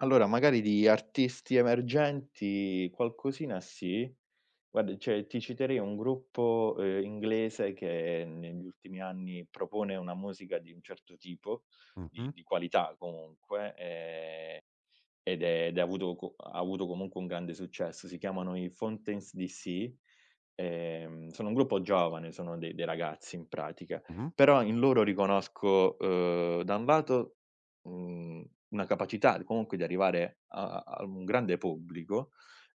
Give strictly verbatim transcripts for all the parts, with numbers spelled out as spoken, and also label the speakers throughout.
Speaker 1: Allora, magari di artisti emergenti qualcosina sì, guarda, ceh, ti citerei un gruppo, ehm, inglese che negli ultimi anni propone una musica di un certo tipo, di
Speaker 2: Mh-mh.
Speaker 1: di qualità, comunque, ehm, ed è ed avuto co ha avuto comunque un grande successo. Si chiamano i Fontaines DC, ehm, sono un gruppo giovane, sono dei dei ragazzi, in pratica,
Speaker 2: Mh-mh.
Speaker 1: però in loro riconosco, ehm, da un lato, uhm, una capacità comunque di arrivare a a a un grande pubblico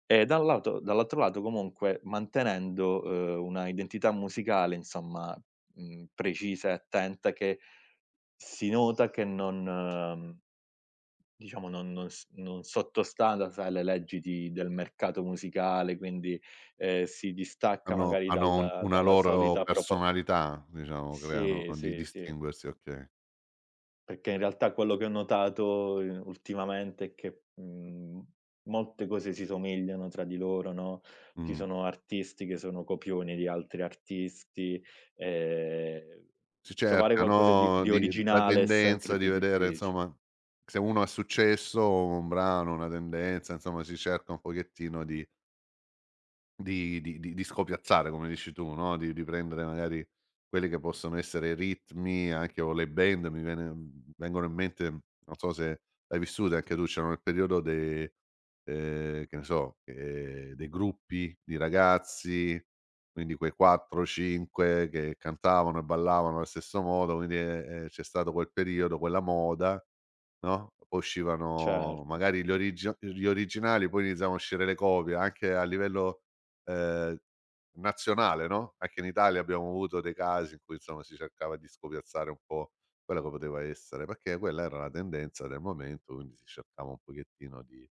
Speaker 1: e da un lato dall'altro lato, comunque, mantenendo, ehm, una identità musicale, insomma, uhm, precisa e attenta che si nota che non diciamo, non non s non sotto sta da sai le leggi di del mercato musicale quindi, ehm, si distacca
Speaker 2: Hanno
Speaker 1: magari
Speaker 2: hanno
Speaker 1: dal
Speaker 2: una
Speaker 1: dalla
Speaker 2: loro
Speaker 1: solita propos
Speaker 2: personalità, diciamo, creano
Speaker 1: Sì,
Speaker 2: di
Speaker 1: sì, sì.
Speaker 2: distinguersi, okay.
Speaker 1: Pecché, in realtà, quello che ho notato ultimamente è che, uhm, molte cose si somigliano tra di loro, no, ci
Speaker 2: Mh.
Speaker 1: sono artisti che sono copioni di altri artisti, ehm,
Speaker 2: Si
Speaker 1: trovare
Speaker 2: cerca,
Speaker 1: qualcosa di
Speaker 2: no,
Speaker 1: di
Speaker 2: di la
Speaker 1: originale è
Speaker 2: tendenza
Speaker 1: sempre
Speaker 2: di
Speaker 1: più
Speaker 2: vedere,
Speaker 1: diffici
Speaker 2: nsomma, se uno ha successo, un brano, una tendenza, nsomma, si cerca un pochettino di di di di scopiazzare, come dici tu, no, di di riprendere, magari, quelli che possono essere i ritmi anche o le band. Mi viene uhm, vengono in mente non so se l'hai vissute anche tu, c'erano il periodo dei, ehm, che ne so, ehm, dei gruppi di ragazzi, quindi quei quattro cinque che cantavano e ballavano allo stesso modo, quindi, ehm, e c'è stato quel periodo, quella moda, no? Uscivano,
Speaker 1: Certo.
Speaker 2: magari, gli origi gli originali, poi iniziavano a uscire le copie anche a livello, ehm, nazionale, no, anche in Italia abbiamo avuto dei casi in cui insomma si cercava di scopiazzare un po' quello che poteva essere pecché quella era la tendenza del momento, quindi si cercava un pochettino di